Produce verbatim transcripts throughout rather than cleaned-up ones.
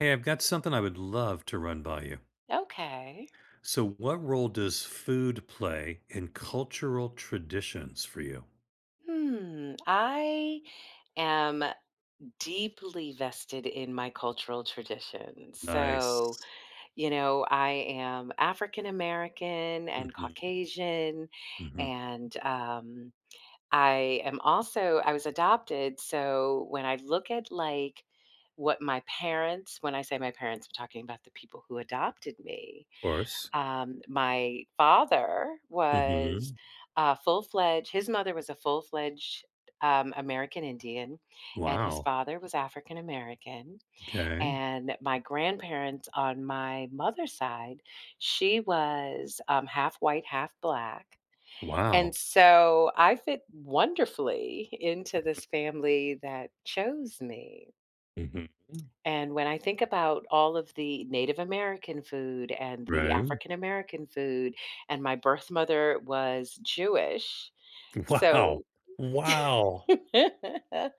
Hey, I've got something I would love to run by you. Okay. So, what role does food play in cultural traditions for you? Hmm, I am deeply vested in my cultural traditions. S o, Nice. you know, I am African American and Mhm. Caucasian, Mhm. and, um, I am also I was adopted, so when I look at, like, what my parents when I say my parents, I'm talking about the people who adopted me. 'Course. Um, my father was Mhm. a full-fledged his mother was a full-fledged, um, American Indian, and his Wow. father was African American, 'Kay. and my grandparents on my mother's side, she was, um, half-white, half-black, and Wow. so, I fit wonderfully into Mhm. this family that chose me Mhm. and when I think about all of the Native American food and the Right. African American food, and my birth mother was Jewish, Wow. so Wow. it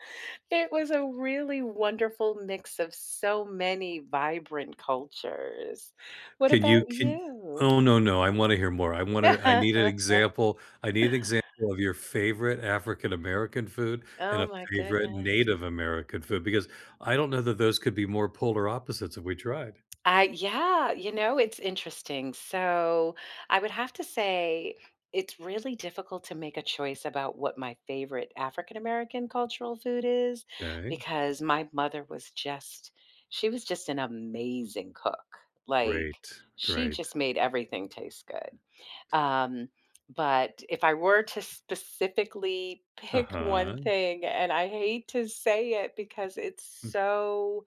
was a really wonderful mix of so many vibrant cultures. What Can you about can you? oh, no, no, I wanna hear more. I wanna I need an example I need an example of your favorite African American food and Oh, a my favorite goodness. Native American food because I don't know that those could be more polar opposites if we tried. I yeah, you know, it's interesting, so, I would have to say it's really difficult to make a choice about what my favorite African American cultural food is 'Kay. because my mother was just she was just an amazing cook, like, Great, she great. just made everything taste good. Um, but if I were to specifically pick one Uh-huh. thing, and I hate to say it because it's Mm so,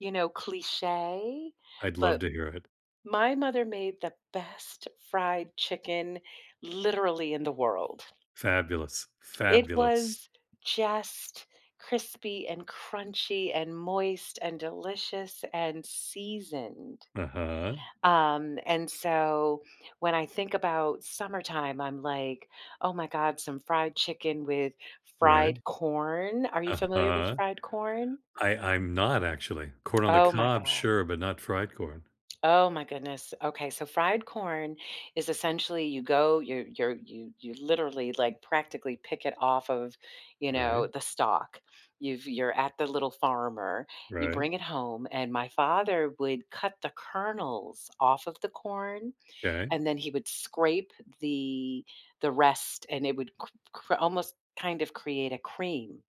you know, cliche, I'd love but to hear it. my mother made the best fried chicken literally in the world. Fabulous, It fabulous. was just crispy and crunchy and moist and delicious and seasoned. Uh-huh. Um, and so, when I think about summertime, I'm like, "Oh my god, some fried chicken with Right. fried corn." Are you familiar with Uh-huh. fried corn? I I'm not, actually. Corn on the Oh, my cob, god. sure, but not fried corn. Oh, my goodness, okay, so fried corn is essentially, you go you're you're you you literally, like, practically pick it off of, you know, Right. the stalk. You've you're at The Little Farmer, you Right. bring it home, and my father would cut the kernels off of the corn, 'Kay. and then he would scrape the the rest, and it would cr cr almost kind of create a cream.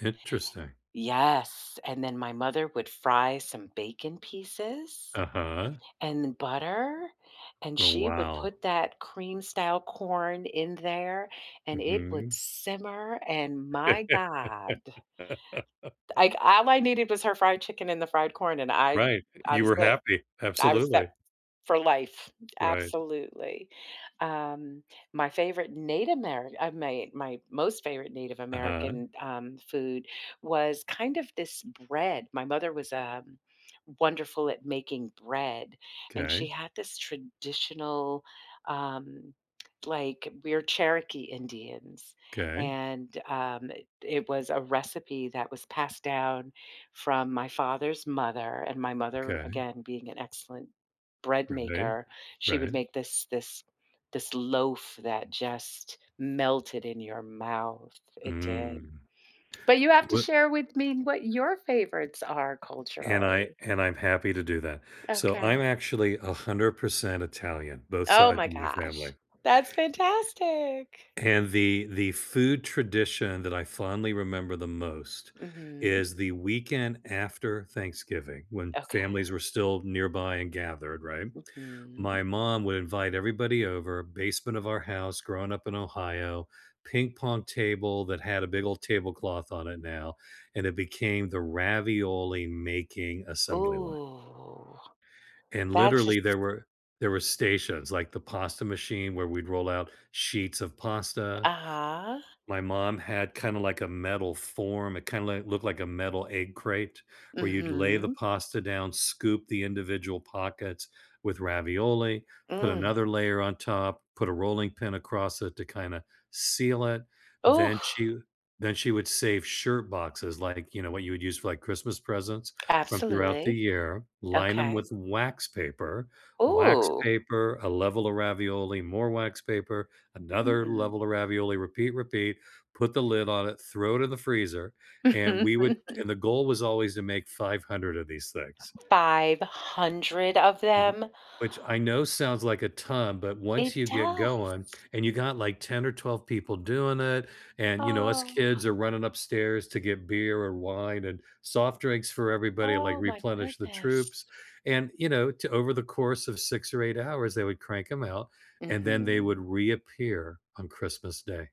Interesting. Yes, and then my mother would fry some bacon pieces Uh-huh. and butter, and Oh, she would wow. put that cream-style corn in there, and it would Mhm. simmer, and my god. Like, all I needed was her fried chicken and the fried corn, and I Right, I you was were good. happy, I was set f absolutely. for life. Right. Absolutely. Um, my favorite Nate Amer uh, may my most favorite Native Uh-huh. American, um, food was kind of this bread my mother was, um, wonderful at making bread, and she 'Kay. had this traditional, um, like we're Cherokee Indians, 'Kay. and, um, i it was a recipe that was passed down from my father's mother, and my mother, Okay. again, being an excellent bread Right, maker, she would right. make this this this loaf that just melted in your mouth, it did. Mm. But you have to What share with me what your favorites are, And I culturally. and I'm happy to do that. So, I'm Okay. actually a hundred percent Italian, both Oh, side of my my gosh. family That's fantastic. and the the food tradition that I fondly remember the most Mhm. is the weekend after Thanksgiving when families Okay. were still nearby and gathered, right? Mhm. My mom would invite everybody over, basement of our house, growing up in Ohio, ping-pong table that had a big old tablecloth on it now, and it became the ravioli-making assembly line Ooh, and that's literally, just there were there were stations, like, the pasta machine where we'd roll out sheets of pasta. Uh-huh. My mom had kinda like a metal form, it kinda, like, looked like a metal egg crate where you'd lay the Mhm. pasta down, scoop the individual pockets with ravioli, put Mm. another layer on top, put a rolling pin across it to kinda seal it, Ooh! then she then she would save shirt boxes, like, you know, what you would use for, like, Christmas presents, from throughout the Absolutely. year, line 'em Okay. with wax paper wax Ooh. paper, a level of ravioli, more wax paper, another Mm. level of ravioli, repeat, repeat, put the lid on it, throw it in the freezer, and we would and the goal was always to make five hundred of these things. Five hundred of Mhm. them? Which I know sounds, like, a ton, but once It you get does. going and you got, like, ten or twelve people doing it and, you know, us Oh. kids are running upstairs to get beer or wine, and soft drinks for everybody, like, Oh, my replenish the goodness. troops, and, you know, to over the course of six or eight hours, they would crank 'em out, and then they would Mhm. reappear on Christmas Day.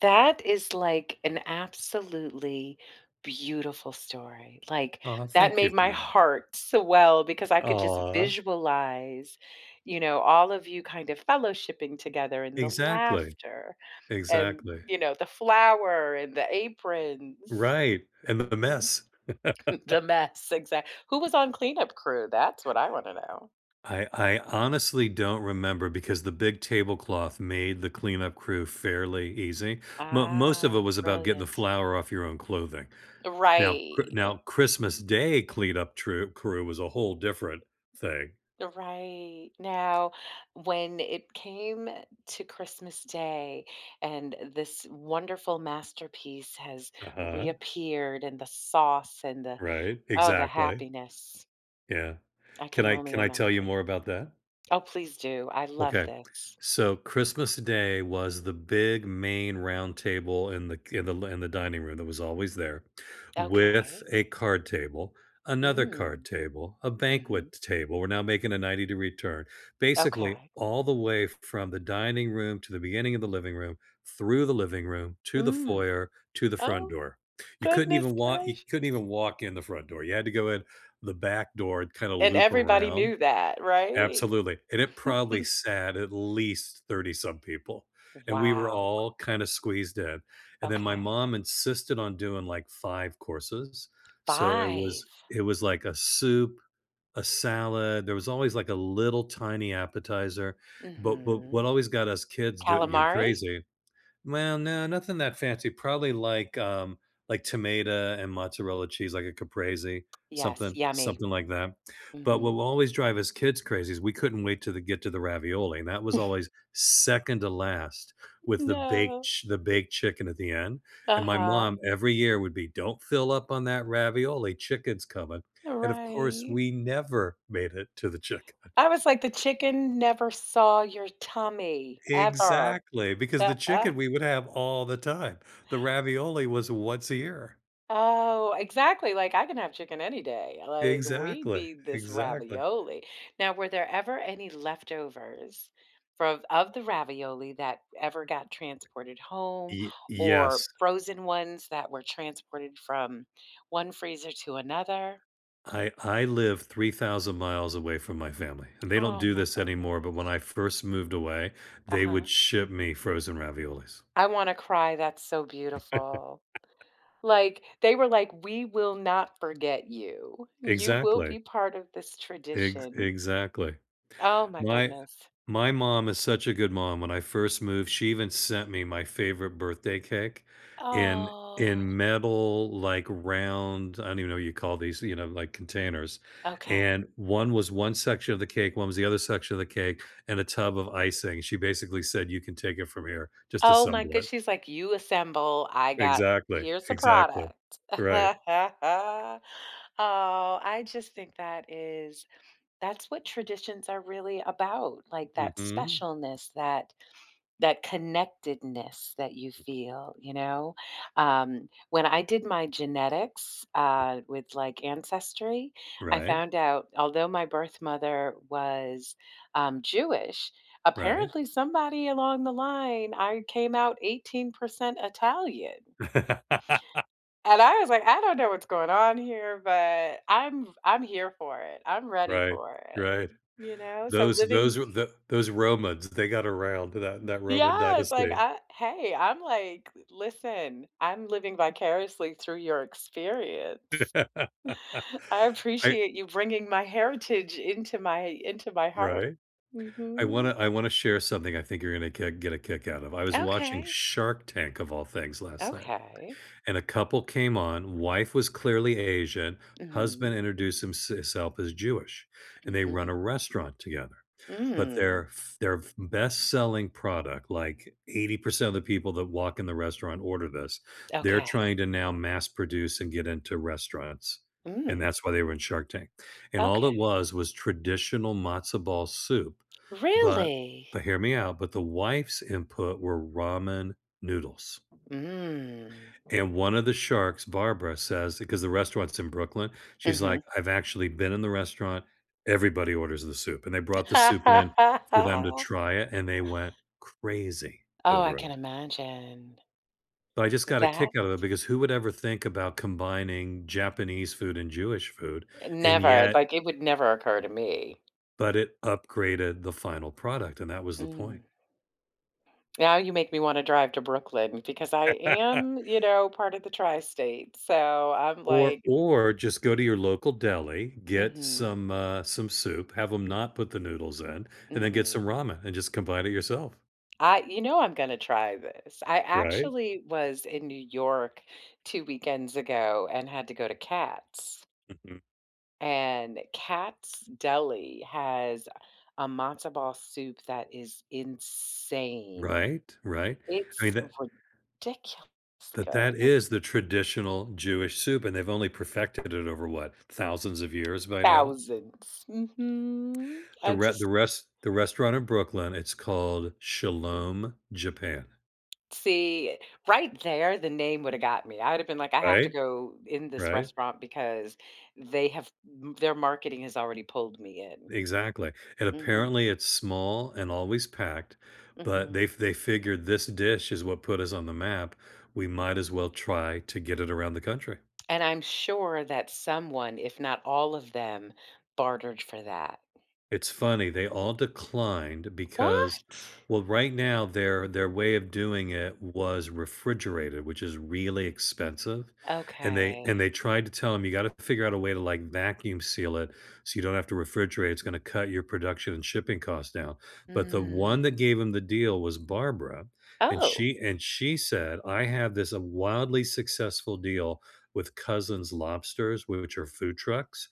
That is, like, an absolutely beautiful story. Like, Aw, that thank you made for my that. heart swell because I could just Aw. visualize, you know, all of you kind of fellowshipping together, and the Exactly. laughter and, Exactly. you know, the flour, and the aprons. Right, and the Mhm. mess. The mess, exact who was on cleanup crew? That's what I wanna know. I I honestly don't remember because the big tablecloth made the cleanup crew fairly easy, mo most of it Ah, was about getting the brilliant. flour off your own clothing. Now, Chr Right, eh now Christmas Day cleanup true crew was a whole different thing. The right. Now, when it came to Christmas Day, and this wonderful masterpiece has Uh-huh. reappeared, and the sauce, and the Right, oh, the exactly. happiness. Yeah. I Can can I only can I tell you imagine. more about that? Oh, please do, I love Okay, this. so, Christmas Day was the big, main roundtable in the k in the l in the dining room- that was always there- with Okay. a card table, another card Mm. table, a Mhm. banquet table- we're now making a ninety-degree turn- basically, Okay. all the way f from the dining room to the beginning of the living room, through the living room, to the Mm. foyer, to the front Oh. door. You couldn't Goodness even walk you couldn't gracious. even walk in the front door, you had to go in the back door and, kinda And loop everybody around knew that, right? Absolutely, and it probably sat, at least, thirty-some people, and we were Wow. all, kinda squeezed in, and then my Okay. mom insisted on doing, like, five courses, so, it was Five. it was, like, a soup, a salad, there was always, like, a little, tiny appetizer, but but what Mhm. always got us kids d you Calamari? crazy Well, no, nothing that fancy, probably like, um like, tomato and mozzarella cheese, like a Caprese Yes, something yummy. something like that, but what Mhm. will always drive us kids crazy is we couldn't wait till the get to the ravioli, and that was always second to last with the baked No. ch the baked chicken at the end, and my Uh-huh. mom, every year, would be, “Don't fill up on that ravioli, chicken's coming.” And, of course, Right. we never made it to the chicken. I was like, the chicken never saw your tummy ever. Exactly, because the chicken, we would have all the time, the ravioli was once a year. Oh, exactly, like, "I can have chicken any day," like, "We Exactly, need this exactly. ravioli." Now, were there ever any leftovers frov of the ravioli that ever got transported home, Y or yes. frozen ones that were transported from one freezer to another? I I live three thousand miles away from my family, and they don't Oh, do my this anymore, but when I goodness. first moved away, they Uh-huh. would ship me frozen raviolis. I wanna cry, that's so beautiful. Like, they were like, "We will not forget you. You will Exactly. be part of this Ex tradition." exactly. Oh, my My goodness. my mom is such a good mom. When I first moved, she even sent me my favorite birthday cake in Oh. in metal, like, round- I don't even know what you call these- you know, like, containers, Okay. and one was one section of the cake, one was the other section of the cake, and a tub of icing, she basically said, "You can take it from here, just Oh my assemble good it". she's like, "You assemble, I got Exactly, here's the exactly. product." Right. Oh, I just think that is that's what traditions are really about, like that Mhm. specialness, that that connectedness that you [unintelligible] feel, you know? Um, when I did my genetics, uh, with, like, Ancestry, I Right. found out although my birth mother was, um, Jewish, Right. apparently somebody along the line, I came out eighteen percent Italian. And I was like, "I don't know what's going on here, but I'm f I'm here for it, I'm ready Right, for it," right. you know? So, Those living those were the those Romans, they got around, that that Roman Yes, like, dynasty. I hey I’m, like listen, I’m living vicariously through your experience. I I appreciate you bringing my heritage into my into my heart. Right. I wanna Mhm. I wanna share something I think you're gonna kick get a kick out of. I was watching Okay. Shark Tank, of all things, last night, Okay. and a couple came on, wife was clearly Asian, husband Mhm. introduced himse his self as Jewish, and they run Mhm. a restaurant together, but Mm. their f their f best selling product, like, eighty percent of the people that walk in the restaurant order this, they're trying Okay. to now mass-produce and get into restaurants, and Mm. that's why they were in Shark Tank, and all Okay. it was was traditional matzo ball soup, but Really? but- hear me out- but the wife's input were ramen noodles. Mm. And one of the sharks, Barbara, says- ‘cause the restaurant's in Brooklyn- she's like, Mhm. “I've actually been in the restaurant, everybody orders the soup.” And they brought the soup in for them to try it, and they went crazy Oh, I over can it. imagine. But, I just got a That kick out of it, because who would ever think about combining Japanese food and Jewish food? Eh, And, never. yet Like, it would never occur to me. But it upgraded the final product, and that was the Mm. point. Now you make me wanna drive to Brooklyn because I am, you know, part of the tri-state, so I'm, Or like, m or just go to your local deli, get Mhm. some, uh some soup, have ‘em M not put the noodles in, and then get some Mhm. ramen, and just combine it yourself. I you know, I'm gonna try this. I Right. actually was in New York two weekends ago and had to go to Katz. Mhm. And Katz Deli has a matzo ball soup that is insane. Right? Right? I mean, It's tha ridiculously tha that good. is the traditional Jewish soup, and they've only perfected it over, what, thousands of years by now? Thousands. Mhm. The the I re the just res the restaurant in Brooklyn, it's called Shalom Japan. See, right there, the name woulda got me. I woulda been like, I have to Right? go in this Right? restaurant because they have m their marketing has already pulled me in. Exactly. And Mhm. apparently, it's small and always packed, but Mhm. they f they figured, "This dish is what put us on the map, we might as well try to get it around the country." And I'm sure that someone, if not all of them, bartered for that. It's funny. They all declined because What? well, right now, their their way of doing it was refrigerated, which is really expensive, and they and Okay. they tried to tell him, "You gotta figure out a way to, like, vacuum seal it so you don't have to refrigerate. It's gonna cut your production and shipping cost down," but the one that Mm. gave him the deal was Barbara, and Oh. she and she said, "I have this wildly successful deal with Cousins Lobsters, w which are food trucks.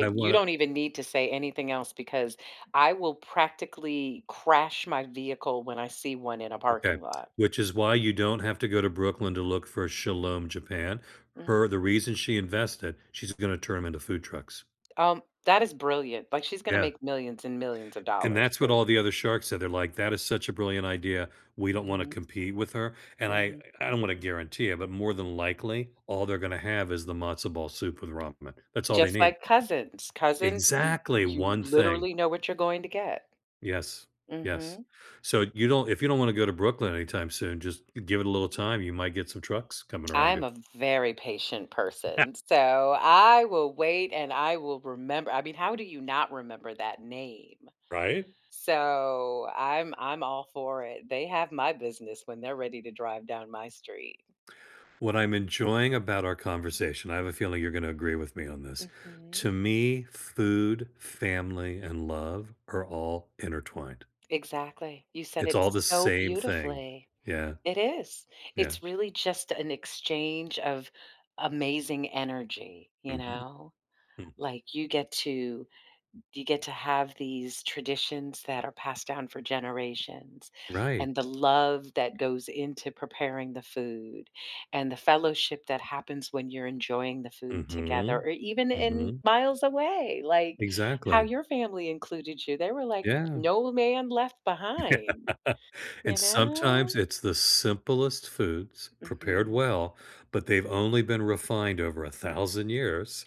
I You wanna" don't even need to say anything else because I will practically crash my vehicle when I see one in a Okay. parking lot. Which is why you don't have to go to Brooklyn to look for Shalom Japan. Her Ah. the reason she invested- she's gonna turn 'em into food trucks. Um, that is brilliant. Like, she's gonna Yeah. make millions and millions of And dollars, that's what all seriously. the other sharks said. They're like, "That is such a brilliant idea. We don't wanna Mhm. compete with her." And I Mhm. I don't wanna guarantee it, but more than likely, all they're gonna have is the matzo ball soup with ramen. That's all they Just need. like Cousins. Cousins, eh, Exactly! you One thing. literally know what you're going to get. Yes. Yes. Mhm. So you don't if you don't wanna go to Brooklyn anytime soon, just give it a little time. You might get some trucks coming around I'm you. a very patient person, so I will wait and I will remember I mean, how do you not remember that name? Right? So I'm I'm all for it. They have my business when they're ready to drive down my street. What I'm enjoying about our conversation- I have a feeling you're gonna agree with me on this, to Mhm. me- food, family, and love are all intertwined. Exactly. You said It's it all the so same thing. beautifully. Yeah. It is. Yeah. It's really just an exchange of amazing energy, you Mhm. know? Mhm. Like, you get to you get to have these traditions that are passed down for generations Right. and the love that goes into preparing the food and the fellowship that happens when you're enjoying the food together Mhm. or even in Mhm. miles away. Like, how Exactly. your family included you, they were like, Yeah. "No man left behind." You And sometimes know? it's the simplest foods, prepared Mhm. well, but they've only been refined over a thousand years,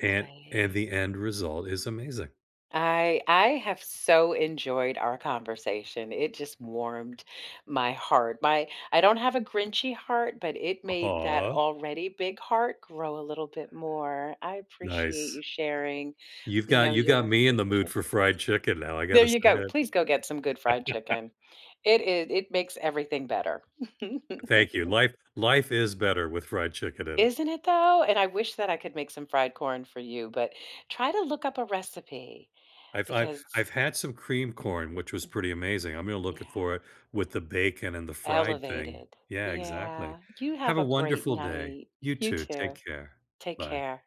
and and the end result is amazing. I I have so enjoyed our conversation. It just warmed my heart. My I don't have a grinchy heart, but it made that Aw. already big heart grow a little bit more. I appreciate Nice. you sharing, You've you got know, you've got your me your in the mood for traditions. fried chicken now. I There gotta say you go. it. Please go get some good fried chicken. It i it makes everything better. Thank you. Life life is better with fried chicken in it. Isn't it, though? And I wish that I could make some fried corn for you, but try to look up a recipe I've I've because I've had some creamed corn, which was pretty amazing. I'm gonna look Yeah. it for it with the bacon and the fried thing. Elevated. Yeah, exactly. Yeah. You Have have a a great wonderful day. night. You You too. too. Take care. Take Bye. care.